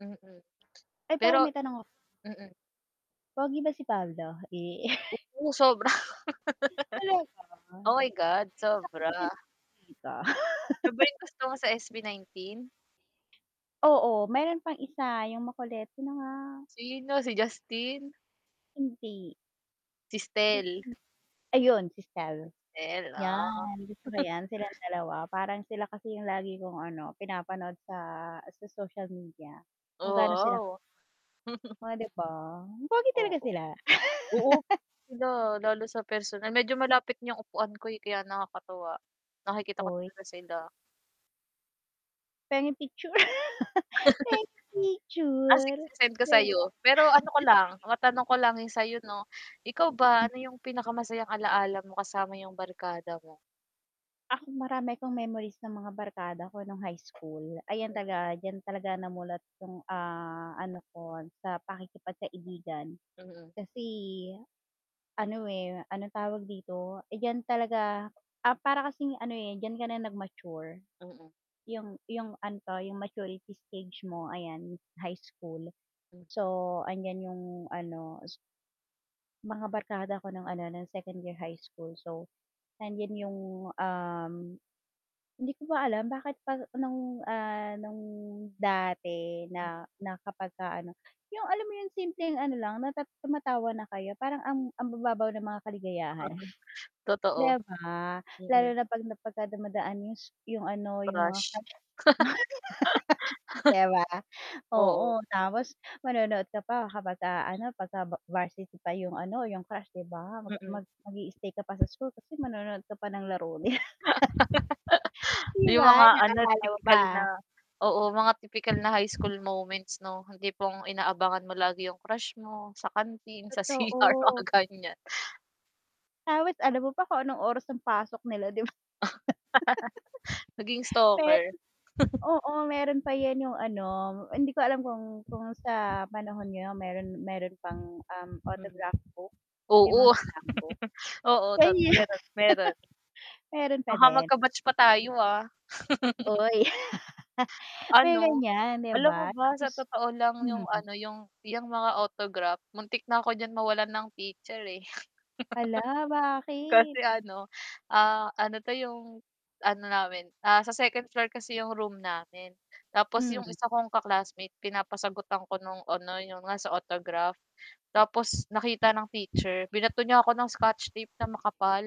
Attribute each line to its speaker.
Speaker 1: Mm
Speaker 2: Ay pero
Speaker 1: pero
Speaker 2: may tanong
Speaker 1: mm.
Speaker 2: Pogi ba si Pablo? Eh.
Speaker 1: Oo sobra.
Speaker 2: Hmm, talaga ba.
Speaker 1: Oh, my God,
Speaker 2: Iisa
Speaker 1: sobra.
Speaker 2: kasi sila, eh, 'di ba?
Speaker 1: Siya ba yung gusto mo sa SB19?
Speaker 2: Oo meron pang isa yung makulet, sino nga?
Speaker 1: Sino, si Justin?
Speaker 2: Hindi.
Speaker 1: Si
Speaker 2: Mm,
Speaker 1: Stell.
Speaker 2: ayun si Stell,
Speaker 1: Stell, ah.
Speaker 2: yan gusto ko yan silang dalawa, parang sila kasi yung lagi kong ano pinapanood sa, sa social media kung gaano sila
Speaker 1: Oo.
Speaker 2: Oh, 'di ba, pogi talaga
Speaker 1: Oo.
Speaker 2: sila.
Speaker 1: Oo, sila, lalo sa personal medyo malapit ng upuan ko, eh, kaya nakakatuwa, nakikita ko
Speaker 2: Oy.
Speaker 1: talaga sila.
Speaker 2: Pengeng picture. pen
Speaker 1: Ah, sige
Speaker 2: picture.
Speaker 1: se-send ko sayo. Pero ano ko
Speaker 2: [unintelligible]
Speaker 1: lang, matanong ko lang yung sayo 'no, ikaw ba
Speaker 2: Hmm.
Speaker 1: ano yung pinakamasayang alala mo kasama yung barkada mo?
Speaker 2: Ako marami akong memories ng mga barkada ko nung high school, ayan
Speaker 1: Mm.
Speaker 2: talaga diyan talaga namulat yung, ah, ano ko sa pakikipagkaibigan
Speaker 1: Mm.
Speaker 2: kasi ano, eh, anong tawag dito, eh, diyan talaga ah, para kasi ano, eh, diyan ka na nag-mature.
Speaker 1: Mm.
Speaker 2: Yung yung ano 'to, yung maturity stage mo ayan high school,
Speaker 1: Hmm.
Speaker 2: so andiyan yung ano s Mga barkada ko ng ano ng 2nd year high school, so nandiyan yung, um hindi ko pa alam bakit pa nung, ah, nung dati
Speaker 1: Hmm.
Speaker 2: na na kapagka ano, yung alam mo yung simpleng ano lang, na tumatawa na kayo parang ang
Speaker 1: Hmm.
Speaker 2: ang bababaw ng mga kaligayahan. 'Di
Speaker 1: Totoo,
Speaker 2: ba? Lalo
Speaker 1: mm.
Speaker 2: na 'pag na pagka dumadaan yung s yung ano, yung mga
Speaker 1: Crush.
Speaker 2: crush mo. 'Di ba?
Speaker 1: Oo.
Speaker 2: Oo tapos manonood ka pa, kapagka ano pagka va varsity pa yung ano, yung crush 'di ba,
Speaker 1: Mm.
Speaker 2: mag mag-i-stay ka pa sa school, kasi manonood ka pa ng laro nila. 'Di
Speaker 1: Yung
Speaker 2: ba
Speaker 1: mga ano
Speaker 2: naalala mo
Speaker 1: tipikal na,
Speaker 2: ba?
Speaker 1: oo mga tipikal na high school moments no, yung tipong inaabangan mo lagi yung crush mo sa kanteen, sa CR, mga
Speaker 2: Totoo.
Speaker 1: ganiyan.
Speaker 2: Tapos alam mo pa kung anong oras ang pasok nila, 'di ba?
Speaker 1: Naging stalker.
Speaker 2: Meron, oo, meron pa yan yung ano, hindi ko alam kung kung sa panahon niyo meron meron pang, um,
Speaker 1: Mm,
Speaker 2: autograph book, yung
Speaker 1: oo.
Speaker 2: mga slam book?
Speaker 1: Oo
Speaker 2: Sa
Speaker 1: tot
Speaker 2: inyo
Speaker 1: meron, meron.
Speaker 2: Meron pa
Speaker 1: Baka
Speaker 2: din?
Speaker 1: mag-batch pa tayo, ah.
Speaker 2: Uy. May
Speaker 1: Ano,
Speaker 2: ganiyan 'di
Speaker 1: alam mo
Speaker 2: ba,
Speaker 1: ba sa
Speaker 2: tapos
Speaker 1: totoo lang yung
Speaker 2: mm.
Speaker 1: ano, yung, yang mga autograph, muntik na ako diyan mawalan ng picture, eh.
Speaker 2: Hala, bakit?
Speaker 1: Kasi ano, ah, ano 'to yung ano namin sa 2nd floor kasi yung room namin, tapos yung
Speaker 2: Hmm.
Speaker 1: isa kong ka-classmate, pinapasagutan ko nung ano yung nasa sa autograph, tapos nakita ng teacher, binato niya ako ng scotch tape na makapal.